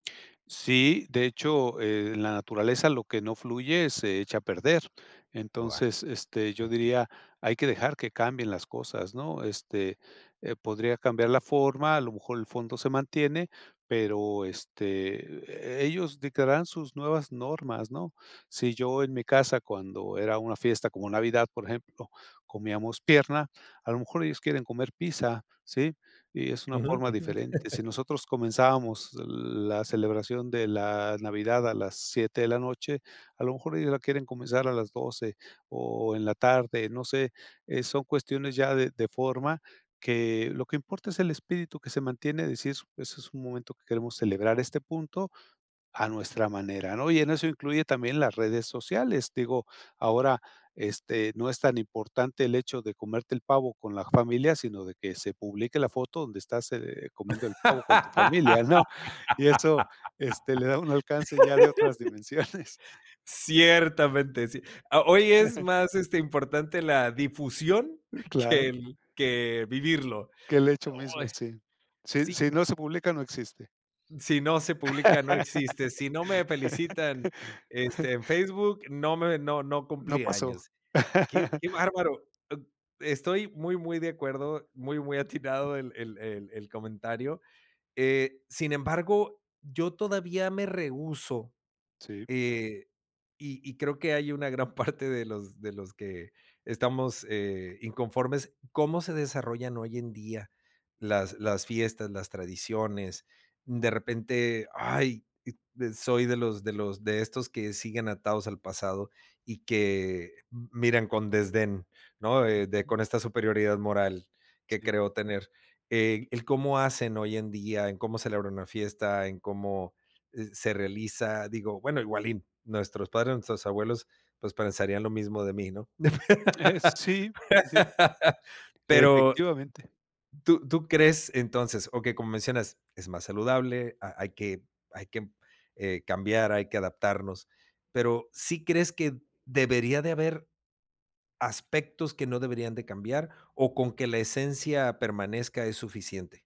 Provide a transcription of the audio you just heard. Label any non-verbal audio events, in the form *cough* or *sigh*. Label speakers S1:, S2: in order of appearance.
S1: Sí, de hecho, eh, en la naturaleza lo que no fluye se echa a perder.
S2: Buah.
S1: Entonces, este, yo
S2: Okey.
S1: diría: "Hay que dejar que cambien las cosas", ¿no? Este, eh, podría cambiar la forma, a lo mejor el fondo se mantiene, pero, este, e ellos dictarán sus nuevas normas, ¿no? Sí, yo en mi casa, cuando era una fiesta como Navidad, por ejemplo, comíamos pierna, a lo mejor ellos quieren comer pizza, ¿sí? Y es una
S2: Ujú,
S1: forma
S2: ujú.
S1: diferente. Si
S2: *giggles*
S1: nosotros comenzábamos la celebración de la Navidad a las 7 de la noche, a lo mejor ellos la quieren comenzar a las 12, o, en la tarde, no sé. Eh, son cuestiones ya de de forma que lo que importa es el espíritu que se mantiene, decir: "Eso es un momento que queremos celebrar, este punto a nuestra manera", ¿no? Y en eso incluye también las redes sociales. Digo, ahora, este, no es tan importante el hecho de comerte el pavo con la familia, sino, de que se publique la foto donde estás, eh, comiendo el pavo con tu familia,
S2: *laughs*
S1: ¿no? Y eso, este, le da un alcance ya de otras dimensiones. *chuckles*
S2: Ciertamente, sí. Ah, hoy es
S1: *giggles*
S2: más, este, importante, la difusión *giggles* que
S1: Claro.
S2: el que vivirlo.
S1: Que el hecho
S2: Oh.
S1: mismo, sí. Si
S2: Si
S1: si no se publica, no existe.
S2: si no se publica, no existe, si no me felicitan, este, en
S1: *laughs*
S2: Facebook no me no no
S1: No
S2: cumplí
S1: pasó.
S2: años. Qué qué
S1: *laughs*
S2: bárbaro, b estoy muy, muy de acuerdo, muy, muy atinado el el el comentario. Eh, sin embargo, yo todavía me rehúso,
S1: Sí.
S2: eh, y y creo que hay una gran parte *chuckles* de los de los que estamos, eh, inconformes como se desarrollan hoy en día las, las fiestas, las tradiciones. De repente, ay, d soy de los de los de estos que siguen atados al pasado y que miran con desdén, ¿no? De de con esta superioridad moral que
S1: Sí.
S2: creo tener. El cómo hacen hoy en día, en cómo celebra una fiesta, en cómo, eh, se realiza, digo, bueno, igual y nuestros padres, nuestros abuelos, pues, pensarían lo mismo de mí, ¿no?
S1: Eh,
S2: *laughs*
S1: sí, sí.
S2: Pero
S1: Efectivamente.
S2: tú tú crees entonces, okey, como mencionas, es más saludable, ha hay que hay que cambiar, hay que adaptarnos. Pero, ¿sí crees que debería de haber aspectos que no deberían de cambiar, o, con que la esencia permanezca es suficiente?